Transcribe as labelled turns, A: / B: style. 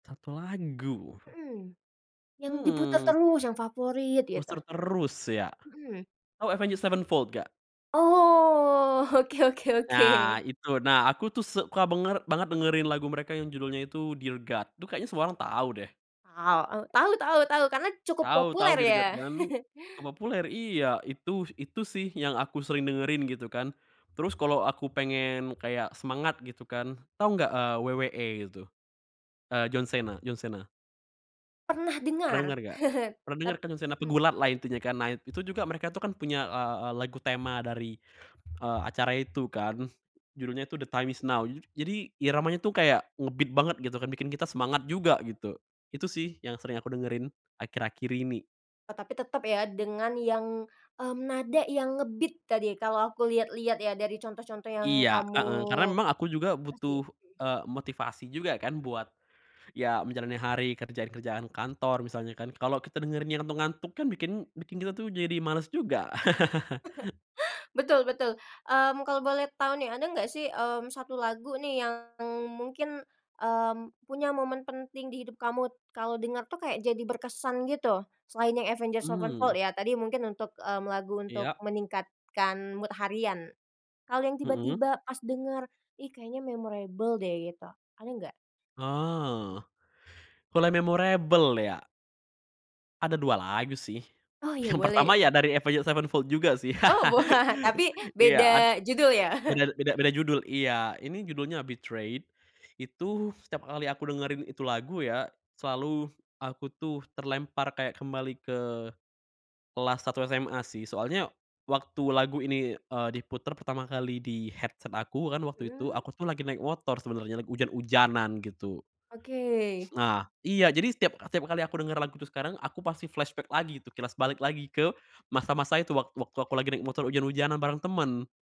A: 1 lagu.
B: Mhm. Yang diputar
A: Hmm.
B: terus, yang favorit, gitu?
A: Booster terus, ya?
B: Mhm.
A: Oh Avenged Sevenfold nggak?
B: Oh. Oke oke
A: Nah,
B: oke.
A: itu, nah, aku tuh suka banger banget dengerin lagu mereka yang judulnya itu Dear God, tuh kayaknya semua orang tau, deh.
B: Aw, tahu tahu, tahu karena cukup
A: Tahu,e tahu
B: populer,
A: Dear
B: ya.
A: God kan? Terpopuler? Iya, itu. Itu sih yang aku sering dengerin, gitu kan. Terus kalo aku pengen kayak semangat, gitu kan. Tau nggak, eee, WWE gitu? Eee, John Cena, John Cena.
B: Pernah
A: Pernah
B: dengar.
A: denger nggak? Pernah denger
B: Tap
A: kan John Cena,
B: Mmm.
A: pegulat lah, intinya kan. Nah, itu juga mereka tuh kan punya, eee, eee, lagu tema dari, eee, acara itu kan, judulnya tuh The Time is Now. Jadi iramanya tuh kayak nge-beat banget, gitu kan, bikin kita semangat juga, gitu. Itu sih, yang sering aku dengerin akhir-akhir ini.
B: Oh, tapi tetep ya, dengan yang, mmm, nada yang nge-beat tadi, kalo aku liat-liat ya, dari contoh-contoh yang
A: Iya,
B: kamu
A: heeh, karena memang aku juga
B: kasih,
A: butuh,
B: mhm.
A: eee, motivasi juga kan, buat ya menjalani hari, kerjaan-kerjaan kantor misalnya kan kalo kita dengerinnya ngantuk-ngantuk kan, bikin bikin tuh kita jadi males juga.
B: Betul, betul. Mmm, kalo boleh tau nih, ada nggak sih, mmm, 1 lagu nih, yang mungkin, mmm, punya momen penting di hidup kamu, kalo dengar tuh kayak jadi berkesan gitu, selain yang Avenged
A: Mmm.
B: Sevenfold ya, tadi. Mungkin untuk, mmm, lagu untuk
A: Iya.
B: meningkatkan mood harian. Kalo yang
A: Mhm.
B: tiba-tiba pas denger, "Ih, kayaknya memorable deh", gitu, ada nggak?
A: Oh,
B: Hmm.
A: kalo yang memorable, ya? Ada 2 lagu sih,
B: Oh, ya,
A: yang pertama
B: boleh.
A: ya dari Avenged Sevenfold juga, sih.
B: Oh, wah, tapi
A: Iya ad
B: beda judul, ya?
A: bener beda beda judul iya ini judulnya Betrayed, itu setiap kali aku dengerin itu lagu ya, selalu aku tuh terlempar kayak kembali ke kelas 1 SMA sih, soalnya waktu lagu ini, eee, diputar pertama kali, di headset aku, kan waktu itu
B: Mhm.
A: aku tuh lagi naik motor sebenernya, lagi ujan-ujanan, gitu.
B: Oke.
A: Nah, iya jadi setiap setiap kali aku denger lagu itu sekarang, aku pasti flashback lagi, itu kilas balik lagi ke masa-masa itu wak waktu aku lagi naik motor ujan-ujanan bareng temen.